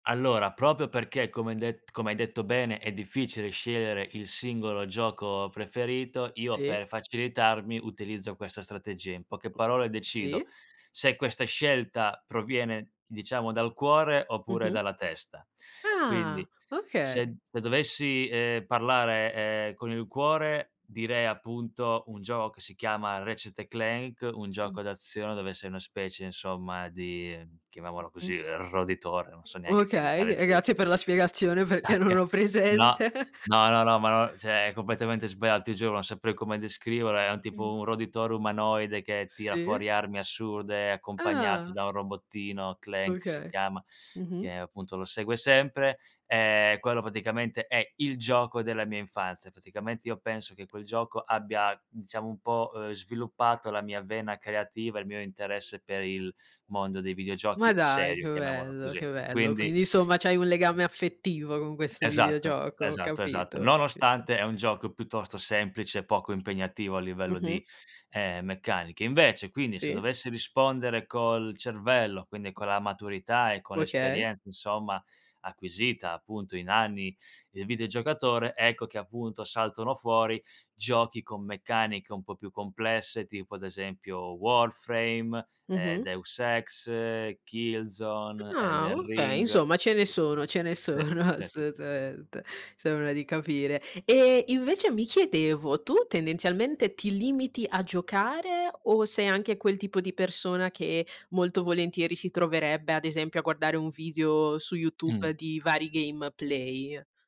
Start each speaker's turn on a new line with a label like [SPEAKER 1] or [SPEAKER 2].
[SPEAKER 1] Allora, proprio perché come hai det come hai detto bene, è difficile scegliere il singolo gioco preferito, io
[SPEAKER 2] Sì.
[SPEAKER 1] per facilitarmi utilizzo questa strategia. In poche parole decido
[SPEAKER 2] Sì.
[SPEAKER 1] se questa scelta proviene diciamo dal cuore oppure
[SPEAKER 2] Mh-mh.
[SPEAKER 1] dalla testa.
[SPEAKER 2] Ah!
[SPEAKER 1] Quindi,
[SPEAKER 2] Okay.
[SPEAKER 1] se dovessi eh parlare eh con il cuore, direi appunto un gioco che si chiama Ratchet& Clank, un
[SPEAKER 2] Mh.
[SPEAKER 1] gioco d'azione dove sei una specie, insomma, di chiamiamolo
[SPEAKER 2] Mh-mh.
[SPEAKER 1] così eh roditore, non so neanche che
[SPEAKER 2] Okay,
[SPEAKER 1] animale
[SPEAKER 2] e
[SPEAKER 1] sia es
[SPEAKER 2] grazie per la spiegazione
[SPEAKER 1] Ah
[SPEAKER 2] perché
[SPEAKER 1] che
[SPEAKER 2] non ho
[SPEAKER 1] no
[SPEAKER 2] presente.
[SPEAKER 1] no no no ma no, cioè è completamente sbagliato ti giuro, non saprei come descriverlo, è un
[SPEAKER 2] Mh.
[SPEAKER 1] tipo un roditore umanoide che tira
[SPEAKER 2] Sì.
[SPEAKER 1] fuori armi assurde accompagnato
[SPEAKER 2] Ah.
[SPEAKER 1] da un robottino, Clank si
[SPEAKER 2] Okay.
[SPEAKER 1] chiama,
[SPEAKER 2] Mh-mh.
[SPEAKER 1] che appunto lo segue sempre. Eh quello praticamente è il gioco della mia infanzia. Praticamente io penso che quel gioco abbia, diciamo, un po' eh sviluppato la mia vena creativa, il mio interesse per il mondo dei
[SPEAKER 2] Ma
[SPEAKER 1] videogiochi
[SPEAKER 2] dai
[SPEAKER 1] serio,
[SPEAKER 2] che
[SPEAKER 1] chiamiamolo
[SPEAKER 2] bello,
[SPEAKER 1] così,
[SPEAKER 2] che bello.
[SPEAKER 1] quindi.
[SPEAKER 2] Quindi insomma c'hai un legame affettivo con questo
[SPEAKER 1] Esatto
[SPEAKER 2] videogioco, ho
[SPEAKER 1] esatto
[SPEAKER 2] capito,
[SPEAKER 1] esatto.
[SPEAKER 2] ho capito.
[SPEAKER 1] Nonostante è un gioco piuttosto semplice e poco impegnativo a livello
[SPEAKER 2] Mh-mh.
[SPEAKER 1] di ehm meccanica. Invece, quindi, se
[SPEAKER 2] Sì.
[SPEAKER 1] dovessi rispondere col cervello, quindi con la maturità e con
[SPEAKER 2] Okay.
[SPEAKER 1] l'esperienza, insomma, acquisita appunto in anni il videogiocatore, ecco che appunto saltano fuori giochi con meccaniche un po' più complesse tipo, ad esempio, Warframe, eh,
[SPEAKER 2] Mh-mh.
[SPEAKER 1] Deus Ex, Killzone,
[SPEAKER 2] Ah
[SPEAKER 1] Elden
[SPEAKER 2] okay,
[SPEAKER 1] Ring.
[SPEAKER 2] insomma, ce ne sono, ce ne
[SPEAKER 1] Sì
[SPEAKER 2] sono,
[SPEAKER 1] sì sì sì.
[SPEAKER 2] assolutamente, sembra di capire. E, invece, mi chiedevo, tu tendenzialmente ti limiti a giocare o sei anche quel tipo di persona che molto volentieri si troverebbe, ad esempio, a guardare un video su
[SPEAKER 1] Mh.
[SPEAKER 2] YouTube di vari gameplay?